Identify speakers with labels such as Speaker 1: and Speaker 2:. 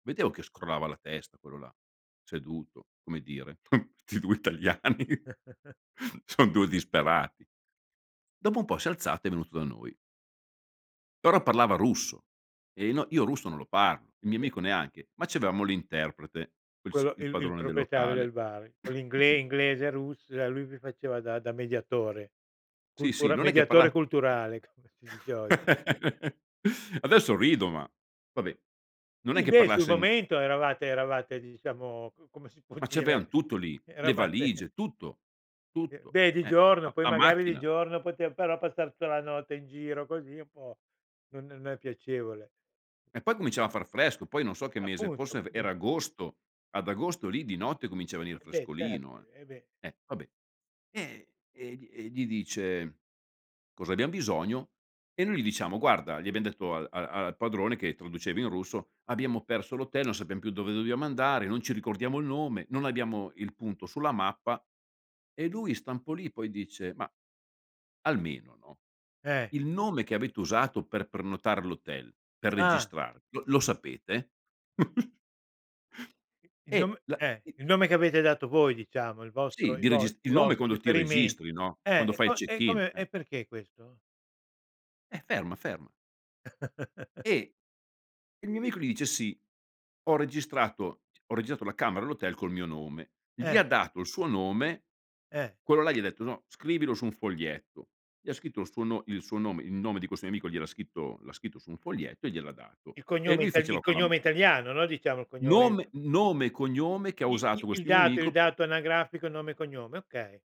Speaker 1: Vedevo che scrollava la testa, quello là, seduto, come dire: “Questi 2 italiani" "son 2 disperati.” Dopo un po' si è alzato, è venuto da noi però parlava russo e no io russo non lo parlo, il
Speaker 2: Eh,
Speaker 1: mio
Speaker 2: beh.
Speaker 1: amico neanche, ma c'avevamo l'interprete, quel s
Speaker 2: Quello
Speaker 1: il
Speaker 2: il il
Speaker 1: padrone del
Speaker 2: proprietario
Speaker 1: locale
Speaker 2: del bar, con l'ingle
Speaker 1: sì.
Speaker 2: inglese, russ e lui vi faceva da da mediatore.
Speaker 1: Sì, sì,
Speaker 2: Cultura
Speaker 1: non è che parla
Speaker 2: mediatore culturale, come si dice oggi.
Speaker 1: Adesso rido ma vabbè, non è
Speaker 2: I
Speaker 1: che
Speaker 2: beh, sul
Speaker 1: parlasse n
Speaker 2: momento eravate eravate, diciamo, c come si può
Speaker 1: Ma c'avevan
Speaker 2: dire,
Speaker 1: tutto lì. Le
Speaker 2: eravate
Speaker 1: valigie, tutto,
Speaker 2: E
Speaker 1: tutto,
Speaker 2: beh, di
Speaker 1: eh.
Speaker 2: giorno.
Speaker 1: La
Speaker 2: Poi
Speaker 1: la
Speaker 2: magari di
Speaker 1: macchina.
Speaker 2: giorno potev però passar tutta la notte in giro così è un po' non non è piacevole.
Speaker 1: E poi cominciava a far fresco, poi non so che mese,
Speaker 2: Appunto,
Speaker 1: forse ve era
Speaker 2: appun
Speaker 1: agosto, ad agosto lì di notte comincia a venire
Speaker 2: E beh certo,
Speaker 1: frescolino, eh.
Speaker 2: ehm, e beh.
Speaker 1: Eh vabbè, ehm, e gli e gli dice cosa abbiam bisogno. E noi gli diciamo: “Guarda”, gli abbiam detto al al al padrone, che traduceva in russo, “abbiamo perso l'hotel, non sappiam più dove dobbiamo andare, non ci ricordiamo il nome, non abbiamo il punto sulla mappa." E lui sta un po' lì, poi dice: “Ma almeno, no,
Speaker 2: Eh.
Speaker 1: il nome che avete usato per prenotare l'hotel, per
Speaker 2: Ah.
Speaker 1: registrarvi, lo lo sapete?”
Speaker 2: I il nom
Speaker 1: E la
Speaker 2: eh,
Speaker 1: i
Speaker 2: il nome che avete dato voi diciamo, il
Speaker 1: Sì,
Speaker 2: vostro i
Speaker 1: di
Speaker 2: vo
Speaker 1: regis
Speaker 2: i
Speaker 1: il nome
Speaker 2: vostri
Speaker 1: quando ti
Speaker 2: riferimenti.
Speaker 1: registri, no,
Speaker 2: Eh,
Speaker 1: quando
Speaker 2: e
Speaker 1: fai il
Speaker 2: co e
Speaker 1: check-in,
Speaker 2: come
Speaker 1: eh.
Speaker 2: e perché questo?
Speaker 1: Eh, ferma, ferma. E il mio amico gli dice: “Sì, ho registrato c ho registrato la camera, l'hotel col mio nome.” Gli
Speaker 2: Eh.
Speaker 1: ha dato il suo nome,
Speaker 2: Eh.
Speaker 1: quello là gli ha detto: “No, scrivilo su un foglietto.” Gli ha scritto il suo no il suo nome il nome di questo mio amico, gliel'ha scritto l'ha scritto su un foglietto e gliel'ha dato,
Speaker 2: Il
Speaker 1: e
Speaker 2: cognome
Speaker 1: lui
Speaker 2: itali il
Speaker 1: faceva con la m
Speaker 2: cognome italiano, no, diciamo il cognome c
Speaker 1: Nome nome e cognome che ha
Speaker 2: I
Speaker 1: usato
Speaker 2: i il
Speaker 1: questo mio
Speaker 2: dato il
Speaker 1: amico pe
Speaker 2: dato anagrafico, nome e cognome, okay.